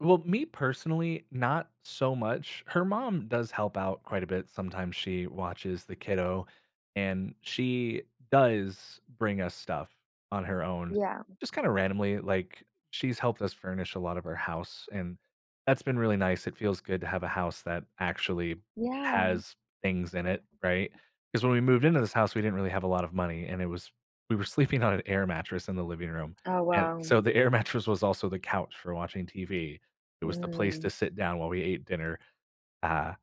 Well, me personally, not so much. Her mom does help out quite a bit. Sometimes she watches the kiddo, and she does bring us stuff on her own. Yeah. Just kinda randomly, like, she's helped us furnish a lot of our house, and that's been really nice. It feels good to have a house that actually Yeah. has things in it, right? 'Cause when we moved into this house, we didn't really have a lot of money, and it was we were sleeping on an air mattress in the living room, Oh and wow. so the air mattress was also the couch for watching TV. It was the place Mm. to sit down while we ate dinner. Uh,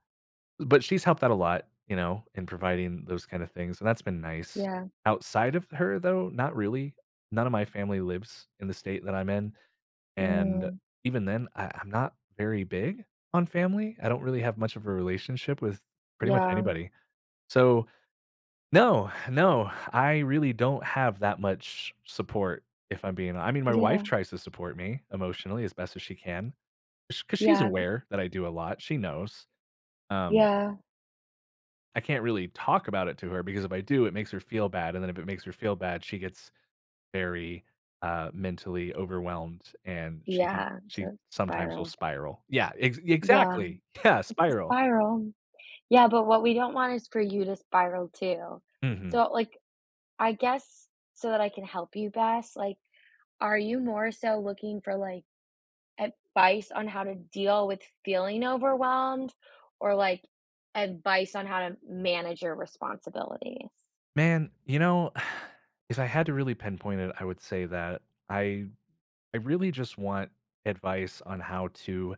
but she's helped out a lot, you know, in providing those kinda things, and that's been nice. Yeah. Outside of her, though, not really. None of my family lives in the state that I'm in, and Mm. even then, I I'm not very big on family. I don't really have much of a relationship with pretty much Yeah. anybody. So no, no, I really don't have that much support if I'm being I mean, my wife Yeah. tries to support me emotionally as best as she can. Sh 'Cause she's Yeah. D aware that I do a lot, she knows. Um Yeah. I can't really talk about it to her because if I do, it makes her feel bad, and then if it makes her feel bad, she gets very, uh, mentally overwhelmed, and she could Yeah, so she it sometimes will spiraled. spiral. Yeah, ex Yeah, exactly, yeah, it's a spiral. spiral, yeah, but what we don't want is for you to spiral too. Mhm. So, like, I guess so that I can help you best, like, are you more so looking for, like, advice on how to deal with feeling overwhelmed or, like, advice on how to manage your responsibilities? Man, you know, if I had to really pinpoint it, I would say that I I really just want advice on how to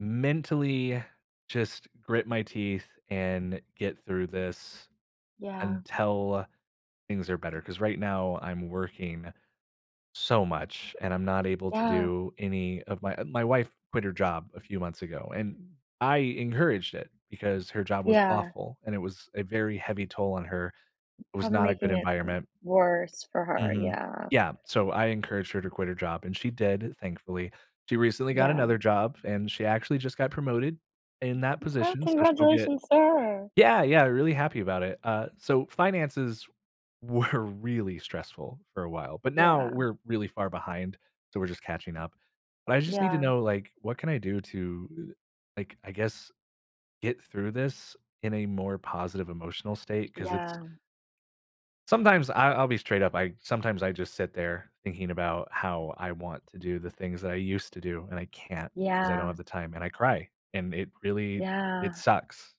mentally just grit my teeth and get through this Yeah. until things are better. 'Cause right now, I'm working so much, and I'm not able to Yeah. do any of my my wife quit her job a few months ago, and I encouraged it because her job was Yeah. awful, and it was a very heavy toll on her. It was Probably not a good making it w environment. worse for her, Mhm, yeah. yeah, so I encouraged her to quit her job, and she did, thankfully. She recently got Yeah. another job, and she actually just got promoted in that Well, position, so she'll get congratulations to her. Yeah, yeah, really happy about it. Uh, so finances were really stressful for a while, but now Yeah. we're really far behind, so we're just catching up. But I just need to Yeah. know, like, what can I do to, uh, like, I guess, get through this in a more positive emotional state? 'Cause it's Yeah. sometimes I I'll be straight up, I sometimes I just sit there thinking about how I want to do the things that I used to do, and I can't 'cause I don't have Yeah. the time, and I cry, and it really it Yeah. sucks.